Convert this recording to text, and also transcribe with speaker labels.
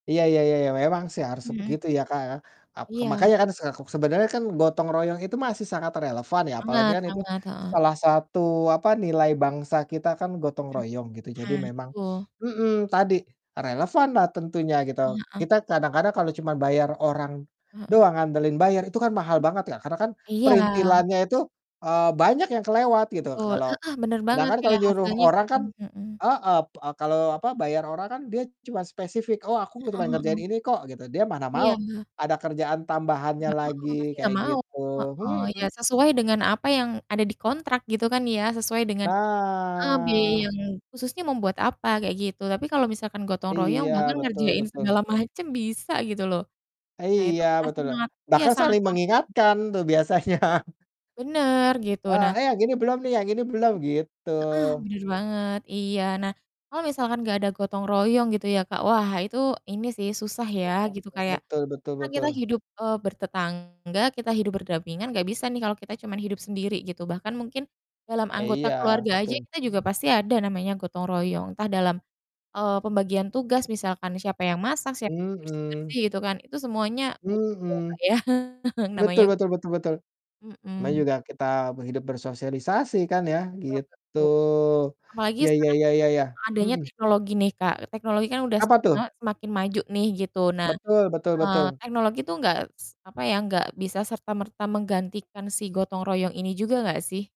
Speaker 1: Iya iya iya iya, memang sih harus
Speaker 2: Mhm.
Speaker 1: begitu ya, Kak, ya. Ak ke
Speaker 2: Iya.
Speaker 1: makanya kan sek sebenarnya kan gotong royong itu masih sangat relevan ya apalagi
Speaker 2: Banget
Speaker 1: kan itu
Speaker 2: banget. Heeh.
Speaker 1: salah satu, apa, nilai bangsa kita kan, gotong
Speaker 2: Mhm.
Speaker 1: royong gitu. Jadi
Speaker 2: Nah,
Speaker 1: memang
Speaker 2: itu.
Speaker 1: mhm, tadi relevanlah tentunya gitu.
Speaker 2: Heeh heeh.
Speaker 1: Kita kadang-kadang kalau cuma bayar orang
Speaker 2: Heeh.
Speaker 1: doang, andelin bayar itu kan mahal
Speaker 2: Hmm.
Speaker 1: banget ya, karena kan
Speaker 2: Iya.
Speaker 1: perintilannya itu, eee, banyak yang kelewat gitu.
Speaker 2: Betul.
Speaker 1: Kalau
Speaker 2: Heeh, bener
Speaker 1: kadang
Speaker 2: banget
Speaker 1: kan
Speaker 2: tuh
Speaker 1: kalau
Speaker 2: ya
Speaker 1: nyuruh
Speaker 2: hasilnya
Speaker 1: orang kan
Speaker 2: kurang heeh.
Speaker 1: heeh, p kalau, apa, bayar orang kan dia cuma spesifik, "Oh aku
Speaker 2: Heeh
Speaker 1: cuma ngerjain
Speaker 2: heeh.
Speaker 1: ini kok" gitu. Dia mana
Speaker 2: Iya,
Speaker 1: mau
Speaker 2: heeh.
Speaker 1: ada kerjaan tambahannya
Speaker 2: Nggak heeh, pasti
Speaker 1: lagi,
Speaker 2: nggak
Speaker 1: kayak
Speaker 2: mau.
Speaker 1: gitu.
Speaker 2: Heeh, iya
Speaker 1: Mhm.
Speaker 2: sesuai dengan apa yang ada di kontrak gitu kan ya, sesuai dengan a be
Speaker 1: Nah.
Speaker 2: yang khususnya membuat apa kayak gitu. Tapi kalau misalkan gotong royong,
Speaker 1: Iya,
Speaker 2: bahkan
Speaker 1: betul
Speaker 2: ngerjain
Speaker 1: betul.
Speaker 2: segala macam bisa gitu loh. Nah itu
Speaker 1: Iya,
Speaker 2: pasti
Speaker 1: betul loh.
Speaker 2: sangat iya
Speaker 1: Bahkan
Speaker 2: sangat
Speaker 1: saling mengingatkan tuh biasanya.
Speaker 2: Bener gitu.
Speaker 1: Eee,
Speaker 2: Nah
Speaker 1: "Eh yang ini belum nih, yang ini belum" gitu.
Speaker 2: Heeh, bener banget iya. Nah, kalau misalkan nggak ada gotong royong gitu ya Kak, wah itu ini sih susah ya
Speaker 1: Mhm,
Speaker 2: gitu
Speaker 1: hmm.
Speaker 2: kayak
Speaker 1: Betul betul
Speaker 2: kan kita
Speaker 1: betul.
Speaker 2: hidup, eee, bertetangga, kita hidup berdampingan nggak bisa nih kalau kita cuma hidup sendiri gitu. Bahkan mungkin dalam anggota
Speaker 1: Iya,
Speaker 2: keluarga aja
Speaker 1: betul.
Speaker 2: kita juga pasti ada namanya gotong royong, entah dalam, eee, pembagian tugas misalkan siapa yang masak, siapa yang
Speaker 1: Mhm.
Speaker 2: bersih-bersih, gitu kan. Itu semuanya butuh ya, Kak,
Speaker 1: Mhm.
Speaker 2: ya?
Speaker 1: Betul
Speaker 2: Namanya
Speaker 1: betul betul betul. Namanya
Speaker 2: Mhm.
Speaker 1: juga kita be hidup bersosialisasi kan ya,
Speaker 2: Oh,
Speaker 1: gitu.
Speaker 2: betul. Apalagi
Speaker 1: Iya iya
Speaker 2: sekarang
Speaker 1: iya iya iya.
Speaker 2: adanya
Speaker 1: Mhm.
Speaker 2: teknologi nih Kak, teknologi kan udah
Speaker 1: Apa
Speaker 2: semakin
Speaker 1: tuh?
Speaker 2: lama semakin maju nih, gitu. Nah,
Speaker 1: Betul betul
Speaker 2: eee,
Speaker 1: betul.
Speaker 2: teknologi itu enggak s apa ya, enggak bisa serta merta menggantikan si gotong royong ini juga enggak sih?